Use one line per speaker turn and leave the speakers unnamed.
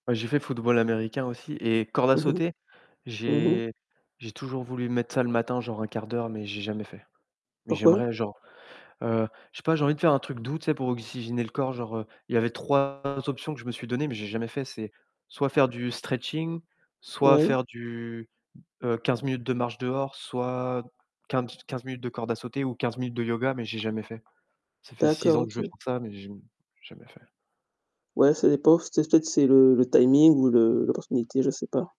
Ouais, j'ai fait football américain aussi et corde à
Mmh mh.
sauter,
Mmh mh.
j'ai j'ai toujours voulu mettre ça le matin genre 1/4 d'heure, mais j'ai jamais fait. Mais
Pourquoi?
j'aimerais genre, heu, je sais pas, j'ai envie de faire un truc doux. Tu sais pour oxygéner le corps genre, heu, il y avait 3 options que je me suis données, mais j'ai jamais fait. C'est soit faire du stretching, soit
Oui.
faire du, heu, 15 minutes de marche dehors, soit quin quinze minutes de corde à sauter, ou 15 minutes de yoga, mais j'ai jamais fait. Ça fait 6
D'accord,
ans que je veux
OK.
faire ça, mais j m jamais fait.
Ouais, ça dépend, c'est peut-être c'est le le timing ou le l'opportunité, je sais pas.